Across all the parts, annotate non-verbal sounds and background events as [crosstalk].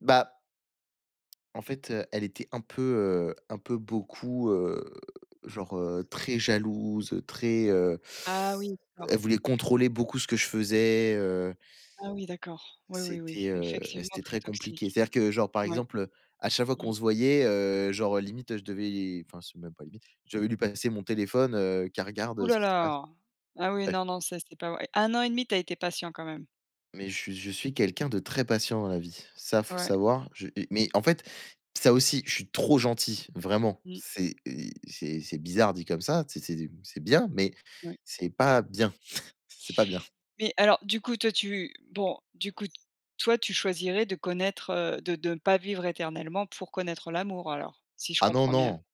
Bah En fait, heu, elle était un peu, heu, un peu, beaucoup, heu, genre, heu, très jalouse, très, heu Ah oui elle d'accord. voulait contrôler beaucoup ce que je faisais, heu Ah oui d'accord, oui, oui, C'était, oui, heu, effectivement c'était très très compliqué. toxique. C'est-à-dire que genre, par Oui. exemple, heu, à chaque fois Mmh. qu'on se voyait, heu, genre limite, heu, je devais enfin c'est même pas limite, je devais lui passer mon téléphone, heu, qu'elle regarde, Ouh heu, ce là, qui se passe. là. Ah oui Bref. non, non ça c'est pas ouais 1 an et demi tu as été patient quand même. Mais che je suis quelqu'un de très patient dans la vie, ça faut Ouais. savoir. Je, heu et mais, en fait, ça aussi je suis trop gentil vraiment, Mmh. c'est ei c'est c'est bizarre dit comme ça, tu sais c'est c'est bien mais Oui. c'est pas bien, [chuckles] c'est pas bien. Mais alors du coup toi tu bon du coup toi, tu choisirais de connaître, heu de de ne pas vivre éternellement pour connaître l'amour alors si je Ah non, comprends bien? non.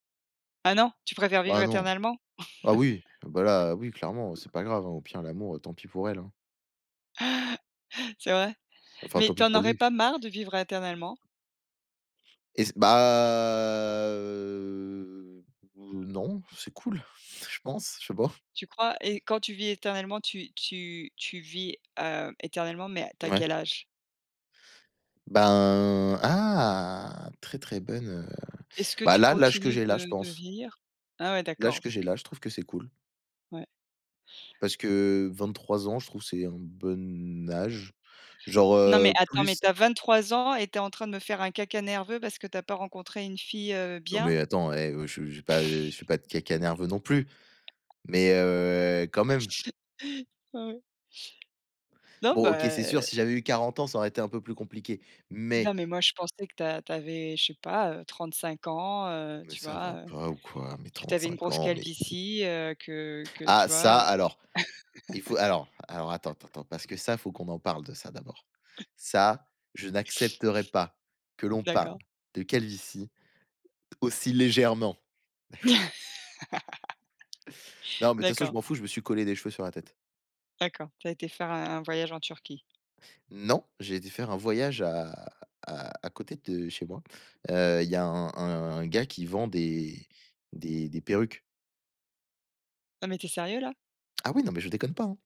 Ah non, tu préfères vivre Bah non. éternellement? Ah [chuckles] oui, bah, là oui clairement c'est pas grave, hein, au pire l'amour, heu, tant pis pour elle, hein? [chuckles] C'est vrai? Enfin Mais tant pis t'en pour aurais lui. pas marre de vivre éternellement? Et c bah, heu heu non. C'est cool, je pense, je sais pas. Tu crois? Et quand tu vis éternellement, tu tu tu vis, heu, éternellement, mais tu as Ouais. quel âge? Ben ah! Très, très bonne, heu Est-ce que bah tu là, l'âge que continues j'ai là, je de de pense. vieillir? Ah ouais L'âge d'accord, que donc j'ai heu là, je trouve que c'est cool. Ouais. Parce que, heu, 23 ans je trouve c'est un bon âge. Genre, Non mais heu, attends, mais plus tu as 23 ans et tu es en train de me faire un caca nerveux parce que tu as pas rencontré une fille, heu, Non bien? mais attends, hé, heu, je j'ai pas eh, je fais pas de caca nerveux non plus, mais heu, quand même. [laughs] Ah ouais. Non, Bon OK, c'est sûr, bah si j'avais eu 40 ans, ça aurait été un peu plus compliqué, mais Non, mais moi, je pensais que tu a tu avais, je sais pas, heu, 35 ans, heu, Mais tu ça va vois, heu, pas ou quoi, mais que tu trente avais une cinq grosse ans mais calvitie, heu, que que tu Ah ça vois, heu alors, il faut [laughs] alors, alors attends, attends, attends, parce que ça, faut qu'on en parle de ça, d'abord. Ça, je n'accepterai pas que l'on parle D'accord. de calvitie aussi légèrement. [chuckles] [laughs] Non mais de toute façon je D'accord. m'en fous, je me suis collé des cheveux sur la tête. D'accord, tu as été faire un un voyage en Turquie. Non, j'ai été faire un voyage à à à côté de chez moi, heu, il y a un un un gars qui vend des des des perruques. Non mais tu es sérieux là? Ah oui, non mais je déconne pas, hein.